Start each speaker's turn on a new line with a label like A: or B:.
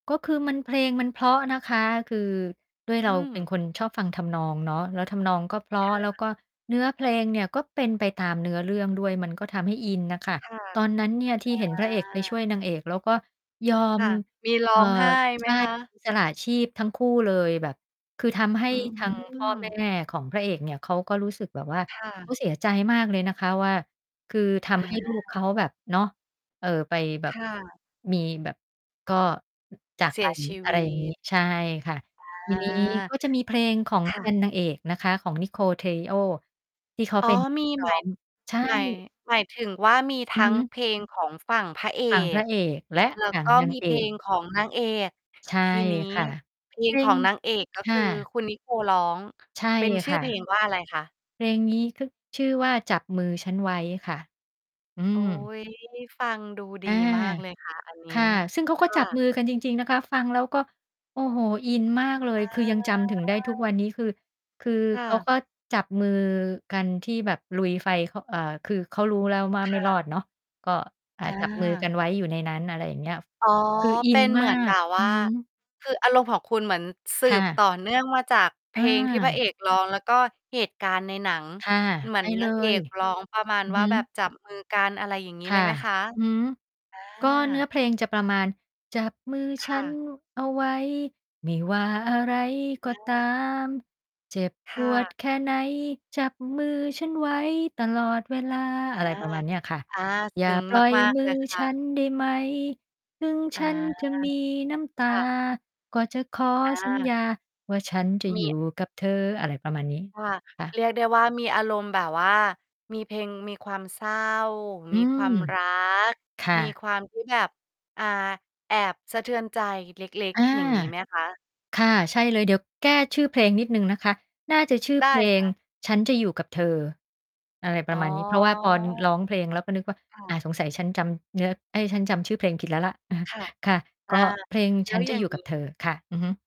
A: ก็คือมัน เพลงมันเพราะนะคะ คือด้วยเ
B: อ
A: ร
B: ื
A: าเป็น
B: ม
A: คนชอบฟังทำนองเนาะ แล้วทำนองก็เพรา
B: ค่
A: ะ แล้ว
B: ะ
A: ก็เนื้อเพลงเนี่ยก็เป็นไปตามเนื้อเรื่องด้วย มันก็ทำให้อินน่ะค่ะ
B: ค่ะ
A: ตอนนั้นเนี่ยที่เ
B: อ
A: ห็นพระเอกไปช่
B: า
A: วยนางเอกแล้วก็ยอ
B: ค
A: ม
B: ่ะ มีร้
A: เอ่
B: อ
A: อ
B: งไห้ไ
A: ใช
B: หม
A: ่
B: คะ?
A: สละชีพทั้งคู่เลย แบบ คือ ทำให้
B: อื
A: ทางพ่อแม
B: ม
A: ่ ของพระเอกเนี่ย เขาก็รู้สึกแบบว่า
B: ค่
A: เขา
B: ะ
A: เสียใจมากเลยนะคะว่า คือท
B: อา
A: ำให้ ลูก เขาแบบ เนาะ เอ่อ ไปแบ
B: ค
A: บ
B: ่ะ
A: มีแบบ ก็ จาก
B: เส
A: ไป
B: ียชี
A: อะ
B: ว
A: ไร
B: ิ
A: อย่างงี้
B: ต
A: ใช่ค่ะ ท
B: อ
A: ี
B: า
A: นี้ ก็จะมีเพลงของ
B: ค
A: เ
B: ่
A: ป็
B: ะ
A: น นางเอกนะคะ ของนิโคล เทริโอ ที่ เขา
B: อ๋
A: เ
B: อ
A: ป็นนัก
B: มี
A: ร
B: ห
A: ้
B: ม
A: อ
B: าย
A: ง ใช่
B: หมาย หมายถึงว่ามีท
A: อือ
B: ั
A: ฮ
B: ้ง
A: ึ
B: เพลงของฝั่งพระเอ
A: ฝั่งพร
B: ก
A: ะเอกและ
B: แล้
A: ฝ
B: ว
A: ั่ง
B: ก็
A: นาง
B: มี
A: เอ
B: เพล
A: ก
B: งของนางเอก
A: ใช่
B: ทีนี้
A: ค่ะ
B: เพล
A: จ
B: ง
A: ริ
B: ข
A: ง
B: องนางเอก ก็
A: ค
B: ค
A: ่
B: ือ
A: ะ
B: คุณ นิโคล ร้อง
A: ใช่
B: เป็นช
A: ค
B: ื่อ
A: ่
B: เพ
A: ะ
B: ลงว่าอะไรคะ?
A: เพลงนี้ ก็ ชื่อว่า จับมือฉันไว้ค่ะ อื
B: โอ๊
A: ม
B: ย ฟังดูด
A: อ
B: ี
A: า
B: มากเลย ค่ะ อันนี้
A: ค่ะ ซึ่งเขา
B: ค
A: ก็
B: ่
A: จ
B: ะ
A: ับมือกันจริง ๆ นะคะ ฟังแล้วก็ โอ้โฮ อินมากเล
B: อ
A: ย คือ ยังจำถึงได้ทุกวั
B: า
A: นนี้ คือ คือ
B: ค่
A: เขา
B: ะ
A: ก็จับมือกันที่แบบลุยไฟ เขา เอ่อ คือ เขารู้แล้วว่า
B: ค
A: ไม่
B: ่
A: รอ
B: ะ
A: ดเนาะ ก็ อา
B: อ
A: จับมือก
B: า
A: ันไว้อยู่ในนั้น อะไรอย่างเงี้ย
B: อ๋อ
A: คืออิ
B: เป็
A: น
B: นเ
A: ม
B: ห
A: า
B: มือนแบ
A: ก
B: บว
A: อื
B: ่า
A: อฮึ
B: คืออารมณ์ของคุณเหมือนสื
A: ค่
B: บต
A: ะ
B: ่อเนื่องมาจากเพ
A: อ
B: ลงที่พระเอ
A: า
B: กร้อง แล้วก็เหตุการณ์ในหนัง
A: ค่ะ
B: เหม
A: ใ
B: ื
A: ช
B: อ
A: ่
B: น
A: เ
B: น
A: ล
B: างเอ
A: ย
B: กร้องประมาณ
A: อือ
B: ว
A: ฮ
B: ่า แบบ
A: ึ
B: จับมือกัน อะไรอย่างงี้
A: ค
B: เ
A: ่
B: ลย
A: ะ
B: ไหมคะ?
A: อือฮึ
B: อ
A: ก็เนื้อ
B: า
A: เพลงจะประมาณ จับมือ
B: ค
A: ฉั
B: ่
A: น
B: ะ
A: เอาไว้ ไม่ว่าอะไรก
B: อ
A: ็ตา
B: า
A: ม เจ็บ
B: ค
A: ป
B: ่
A: วด
B: ะ
A: แค่ไหนจับมือฉันไว้ตลอดเวลา
B: อ
A: อ
B: า
A: ะไรประมาณเนี้ยค่ะ
B: อา
A: อย
B: ซ
A: ่า
B: ึ้ง
A: ปล่อย
B: มาก
A: มื
B: ๆ เล
A: อ
B: ยค
A: ฉ
B: ่
A: ั
B: ะ
A: นได้ไหม ถึง
B: อ
A: ฉ
B: า
A: ันจะมีน้ำตา
B: ค่ะ
A: ก็จะขอสัญ
B: อา
A: ญาว่าฉันจะ
B: ม
A: อยู่
B: ี
A: กับเธอ อะไรประมาณนี้
B: ค่ะ
A: ค่ะ
B: เรียกได้ว่า มีอารมณ์แบบว่า มีเพลง มีความเศร้า
A: อื
B: มีคว
A: ม
B: ามรัก
A: ค่
B: มี
A: ะ
B: ความที่แบบ อ่า แอบสะเทือนใจเล็ก
A: อา
B: ๆ อย่างงี้ไหมคะ?
A: ค่ะ ใช่เลย เดี๋ยวแก้ชื่อเพลงนิดหนึ่งนะคะ น่าจะชื่อ
B: ได้
A: เพล
B: ค
A: ง
B: ่ะ
A: ฉันจะอยู่กับเธอ อะไรป
B: อ
A: ร
B: ๋
A: ะ
B: อ
A: มาณนี้ เพราะว่าพอ ร้องเพลงแล้วก็นึกว่า
B: ค่
A: อา
B: ะ
A: สงสัยฉันจำเนื้อ เอ๊ย ฉันจำชื่อเพลงผิดแล้วล่ะ อะฮะ
B: ค่ะ
A: ค่ะ
B: อ
A: ก
B: า
A: ็เพลง
B: แล
A: ฉ
B: ้
A: ั
B: ว
A: นจ
B: อย
A: ะ
B: ่า
A: อย
B: ง
A: ู่
B: ง
A: ก
B: ี
A: ับ
B: ้
A: เธอค่ะ อือฮึ